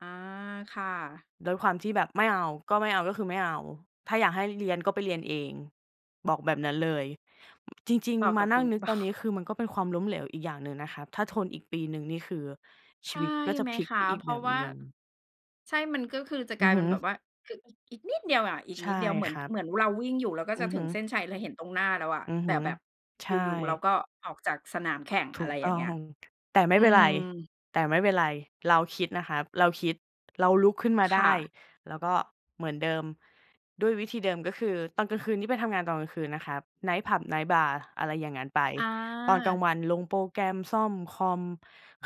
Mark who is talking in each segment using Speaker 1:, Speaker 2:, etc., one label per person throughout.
Speaker 1: อา ค่ะ
Speaker 2: ด้วยความที่แบบไม่เอา ก็ไม่เอาก็คือไม่เอา "ถ้าอยากให้เรียน ก็ไปเรียนเอง" บอกแบบนั้นเลย อ จริง
Speaker 1: เหมาะ
Speaker 2: ๆ ม
Speaker 1: กั
Speaker 2: า
Speaker 1: บ
Speaker 2: น
Speaker 1: ค
Speaker 2: ั่
Speaker 1: ุ
Speaker 2: ง
Speaker 1: ณ
Speaker 2: นึก
Speaker 1: เปล่
Speaker 2: ต
Speaker 1: า?
Speaker 2: อนนี้คือมันก็เป็นความล้มเหลวอีกอย่างหนึ่งนะคะ ถ้าทนอีกปีหนึ่งนี่คือช
Speaker 1: ใช
Speaker 2: ี
Speaker 1: ่
Speaker 2: วิตก็จะ
Speaker 1: ไหม
Speaker 2: พลิก
Speaker 1: คะ
Speaker 2: ไปอี
Speaker 1: เ
Speaker 2: ก
Speaker 1: พร
Speaker 2: แ
Speaker 1: า
Speaker 2: บ
Speaker 1: ะ
Speaker 2: บ
Speaker 1: ว่า
Speaker 2: หนึ่ง
Speaker 1: ใช่ มันก็คือจะก
Speaker 2: อื
Speaker 1: ลา
Speaker 2: อ
Speaker 1: ย
Speaker 2: ฮ
Speaker 1: เป็
Speaker 2: ึ
Speaker 1: นแบบว่า คือ อ อีกนิดเดียวอะ อีก
Speaker 2: ใช
Speaker 1: นิ
Speaker 2: ่
Speaker 1: ดเดียว เหมื
Speaker 2: ค
Speaker 1: อน
Speaker 2: รั
Speaker 1: ก
Speaker 2: บ
Speaker 1: เหมือนเราวิ่งอยู่ แล้วก็
Speaker 2: อื
Speaker 1: จะ
Speaker 2: อ
Speaker 1: ถ
Speaker 2: ฮ
Speaker 1: ึ
Speaker 2: ึ
Speaker 1: งเส้นชัยแล้ว เห็นตรงหน้าแล้วอะ
Speaker 2: อือ
Speaker 1: แต
Speaker 2: ฮ
Speaker 1: ่
Speaker 2: ึ
Speaker 1: แบบ
Speaker 2: ใช
Speaker 1: อย
Speaker 2: ่
Speaker 1: ู่ ๆ เราก็ออกจากสนามแข่ง
Speaker 2: ถ
Speaker 1: อะ
Speaker 2: ู
Speaker 1: ไร
Speaker 2: ก
Speaker 1: อย
Speaker 2: ต
Speaker 1: ่าง
Speaker 2: ้
Speaker 1: เง
Speaker 2: อ
Speaker 1: ี้ย
Speaker 2: ง แต่ไม่
Speaker 1: อื
Speaker 2: เป็นไร
Speaker 1: ม
Speaker 2: แต่ไม่เป็นไร เราคิดนะครับ เราคิด เราลุกขึ้นมา
Speaker 1: ค
Speaker 2: ได
Speaker 1: ่
Speaker 2: ้
Speaker 1: ะ
Speaker 2: แล้วก็เหมือนเดิม ด้วยวิธีเดิม ก็คือตอนกลางคืนนี่ไปทำงานตอนกลางคืนนะครับ ไนต์ผับ ไนต์บาร์ อะไรอย่างงั้นไป
Speaker 1: อ
Speaker 2: ตอนกลา
Speaker 1: า
Speaker 2: งวันลงโปรแกรม ซ่อมคอม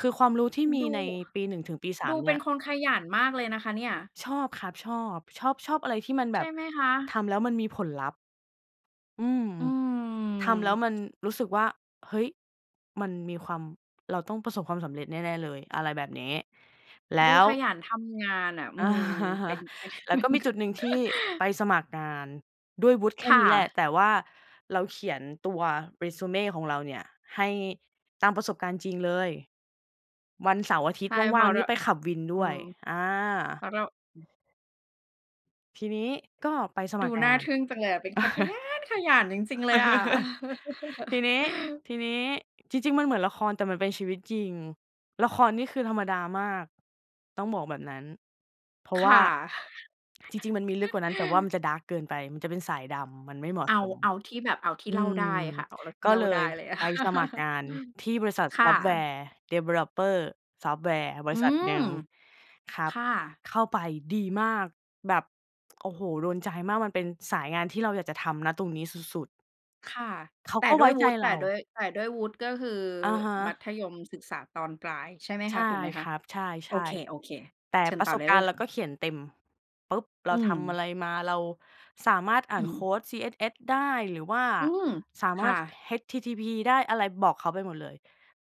Speaker 2: คือความรู้ที่มี
Speaker 1: ดู
Speaker 2: ในปี 1 ถึงปี สา
Speaker 1: ดู
Speaker 2: ม เ
Speaker 1: เ
Speaker 2: น
Speaker 1: ป็
Speaker 2: ี่
Speaker 1: น
Speaker 2: ย
Speaker 1: คนขยันมากเลยนะคะเนี่ย
Speaker 2: ชอบครับ ชอบ ชอบ ชอบอะไรที่มันแ
Speaker 1: ใ
Speaker 2: บ
Speaker 1: ช่
Speaker 2: บ
Speaker 1: ไหมคะ?
Speaker 2: ทำแล้วมันมีผลลัพธ์ อือ
Speaker 1: อื
Speaker 2: ทำแล้ว
Speaker 1: ม
Speaker 2: มันรู้สึกว่า เฮ้ย! มันมีความ เราต้องประสบความสำเร็จแน่ ๆ เลย อะไรแบบนี้ แล้
Speaker 1: ดู
Speaker 2: ว
Speaker 1: ขยันทำงานน่ะ อื
Speaker 2: อา
Speaker 1: ม เป็น เป็น
Speaker 2: แล้
Speaker 1: เ
Speaker 2: ว
Speaker 1: ป็
Speaker 2: ก็
Speaker 1: น
Speaker 2: มีจุดหนึ่งที่ไปสมัครงานด้วยวุฒิแค
Speaker 1: ค
Speaker 2: ่
Speaker 1: ่
Speaker 2: นี้แหละ
Speaker 1: ะ
Speaker 2: แต่ว่าเราเขียนตัว Resume ของเราเนี่ย ให้ตามประสบการณ์จริงเลย วันเสาร์อาทิ
Speaker 1: ใ
Speaker 2: ต
Speaker 1: ช
Speaker 2: ย์
Speaker 1: ่ เ
Speaker 2: ว
Speaker 1: พ
Speaker 2: ่
Speaker 1: ร
Speaker 2: า
Speaker 1: า
Speaker 2: ง
Speaker 1: ะ
Speaker 2: ๆ
Speaker 1: เ
Speaker 2: น
Speaker 1: ร
Speaker 2: ี่
Speaker 1: า
Speaker 2: ไปขับวิน
Speaker 1: อ
Speaker 2: ด
Speaker 1: ื
Speaker 2: ้วย
Speaker 1: ม
Speaker 2: อา
Speaker 1: เพราะเรา อืม
Speaker 2: ทีนี้ก็ไปสม
Speaker 1: ดู
Speaker 2: ัครง
Speaker 1: น่
Speaker 2: า
Speaker 1: า
Speaker 2: น
Speaker 1: ทึ่งจังเลยอะ เป็นคนขยันขยันจริง ๆ เลยอะ
Speaker 2: ทีนี้ ทีนี้ จริง ๆ มันเหมือนละคร แต่มันเป็นชีวิตจริง ละครนี่คือธรรมดามากต้องบอกแบบนั้น เพรา
Speaker 1: ค
Speaker 2: ะว่
Speaker 1: ่
Speaker 2: า
Speaker 1: ะ
Speaker 2: จริง ๆ มันมีลึกกว่านั้น แต่ว่ามันจะ ดาร์ก เกินไป มันจะเป็นสายดำ มันไม่เหมา
Speaker 1: เ
Speaker 2: ะ
Speaker 1: อา
Speaker 2: สม
Speaker 1: เอาที่แบบ เอาที
Speaker 2: อ
Speaker 1: ่
Speaker 2: ื
Speaker 1: เล่า
Speaker 2: ม
Speaker 1: ได้ค่ะ เอาท
Speaker 2: ก
Speaker 1: ี่
Speaker 2: ็
Speaker 1: เล่
Speaker 2: เ
Speaker 1: า
Speaker 2: ล
Speaker 1: ได้
Speaker 2: ย
Speaker 1: อะไรงี้
Speaker 2: ไปสมัครงานที่บริษัท
Speaker 1: ค่ะ
Speaker 2: Software developer ซอฟต์แวร์ บ
Speaker 1: อ
Speaker 2: ร
Speaker 1: ื
Speaker 2: ิษัท
Speaker 1: ม
Speaker 2: หนึ่งครั
Speaker 1: ค
Speaker 2: บ
Speaker 1: ่ะ
Speaker 2: เข้าไปดีมาก แบบ โอ้โฮ! โดนใจมาก มันเป็นสายงานที่เราอยากจะทำ ณ ตรงนี้สุด ๆ
Speaker 1: ค่ะ
Speaker 2: เขา
Speaker 1: แต่
Speaker 2: ก็
Speaker 1: ด
Speaker 2: ไ
Speaker 1: ้
Speaker 2: ว้
Speaker 1: วย
Speaker 2: ใ
Speaker 1: ว
Speaker 2: จ
Speaker 1: ุฒิ แ
Speaker 2: เ
Speaker 1: ต่
Speaker 2: รา
Speaker 1: ด้วย แต่ด้วยวุฒิ ก็คือ
Speaker 2: อะฮ
Speaker 1: มั
Speaker 2: ะ
Speaker 1: ธยมศึกษาตอนปลายใช่ไหม
Speaker 2: ใช
Speaker 1: คะ
Speaker 2: ่
Speaker 1: ถูกไหมค
Speaker 2: ค
Speaker 1: ะ?
Speaker 2: รับ ใช
Speaker 1: โอ
Speaker 2: ่
Speaker 1: เค
Speaker 2: ๆ แต่
Speaker 1: ๆ เชิญ
Speaker 2: ปร
Speaker 1: ต
Speaker 2: ะ
Speaker 1: ่อ
Speaker 2: ส
Speaker 1: ไ
Speaker 2: บ
Speaker 1: ด้
Speaker 2: ก
Speaker 1: เล
Speaker 2: ารณ
Speaker 1: ย
Speaker 2: ์เรา
Speaker 1: ค่
Speaker 2: ก
Speaker 1: ะ
Speaker 2: ็เขียนเต็ม ปุ๊บ! เร
Speaker 1: อื
Speaker 2: าทำ
Speaker 1: ม
Speaker 2: อะไรมา เราสามารถอ่
Speaker 1: อื
Speaker 2: านโค
Speaker 1: ม
Speaker 2: ด CSS ได้ หรือว่า
Speaker 1: อืม
Speaker 2: สา
Speaker 1: ค
Speaker 2: ม
Speaker 1: ่
Speaker 2: ารถ
Speaker 1: ะ
Speaker 2: HTTP ได้ อะไร บอกเขาไปหมดเลย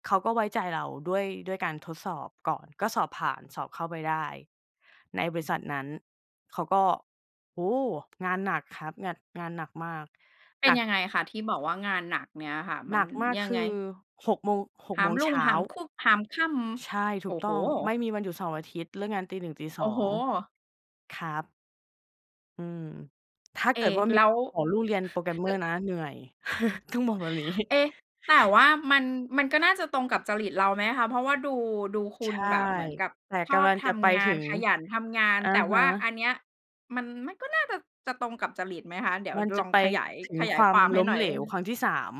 Speaker 2: เขาก็ไว้ใจเรา ด้วย ด้วยการทดสอบก่อน ก็สอบผ่านสอบเข้าไปได้ในบริษัทนั้น เขาก็ โอ้โฮ! งานหนักครับ ง งานหนักมาก
Speaker 1: เป็
Speaker 2: ห
Speaker 1: น
Speaker 2: นัก
Speaker 1: ยังไงคะ ที่บอกว่างานหนักเนี่ยค่ะ ม
Speaker 2: ห
Speaker 1: ั
Speaker 2: น
Speaker 1: น
Speaker 2: ักมาก
Speaker 1: ยั
Speaker 2: ค
Speaker 1: งไง?
Speaker 2: ือ 6 โมง 6
Speaker 1: หา
Speaker 2: โม
Speaker 1: ม
Speaker 2: ง
Speaker 1: รุ
Speaker 2: เช
Speaker 1: ่ง
Speaker 2: ้
Speaker 1: ห
Speaker 2: า
Speaker 1: ามคุก หามค่
Speaker 2: ใช่
Speaker 1: ำ
Speaker 2: ถ
Speaker 1: โ
Speaker 2: ู
Speaker 1: อ
Speaker 2: ก
Speaker 1: ้
Speaker 2: ต
Speaker 1: โ
Speaker 2: ้
Speaker 1: ฮ!
Speaker 2: อง ไม่มีวันหยุดเสาร์อาทิตย์ เลิกงานตี 1 ตี
Speaker 1: โอ
Speaker 2: ส
Speaker 1: ้
Speaker 2: อ
Speaker 1: โฮ!
Speaker 2: ง ครับ อืม ถ้า
Speaker 1: เอ
Speaker 2: เ
Speaker 1: ๊
Speaker 2: กิดว่า
Speaker 1: แ
Speaker 2: มี
Speaker 1: ล้ว
Speaker 2: จะขอลูกเรียน
Speaker 1: เออ
Speaker 2: Programmer นะ เหนื่อย ต้องบอกแบบ นี้
Speaker 1: เอ๊ะ แต่ว่ามัน มันก็น่าจะตรงกับจริตเราไหมคะ เพราะว่าดู ดูคุ
Speaker 2: ใช
Speaker 1: ณ
Speaker 2: ่
Speaker 1: แบบเหมือนกับ
Speaker 2: แต่
Speaker 1: ช
Speaker 2: ก
Speaker 1: อบ
Speaker 2: ำลัง
Speaker 1: ท
Speaker 2: จะไป
Speaker 1: ำง
Speaker 2: ถ
Speaker 1: า
Speaker 2: ึ
Speaker 1: น
Speaker 2: ง
Speaker 1: ขยันทำงาน
Speaker 2: อะ
Speaker 1: แต่
Speaker 2: ฮ
Speaker 1: ว่า
Speaker 2: ะ
Speaker 1: อันเนี้ยมัน มันก็น่าจะ จะตรงกับจริตไหมคะ? เดี๋ยว
Speaker 2: มันจ
Speaker 1: ล
Speaker 2: ะ
Speaker 1: อง
Speaker 2: ไป
Speaker 1: ขยาย
Speaker 2: ถึง
Speaker 1: ขยา
Speaker 2: ค
Speaker 1: ย
Speaker 2: วา
Speaker 1: คว
Speaker 2: ม
Speaker 1: ามให
Speaker 2: ล
Speaker 1: ้
Speaker 2: ้
Speaker 1: ห
Speaker 2: ม
Speaker 1: น่อ
Speaker 2: เ
Speaker 1: ย
Speaker 2: หลวครั้งที่ 3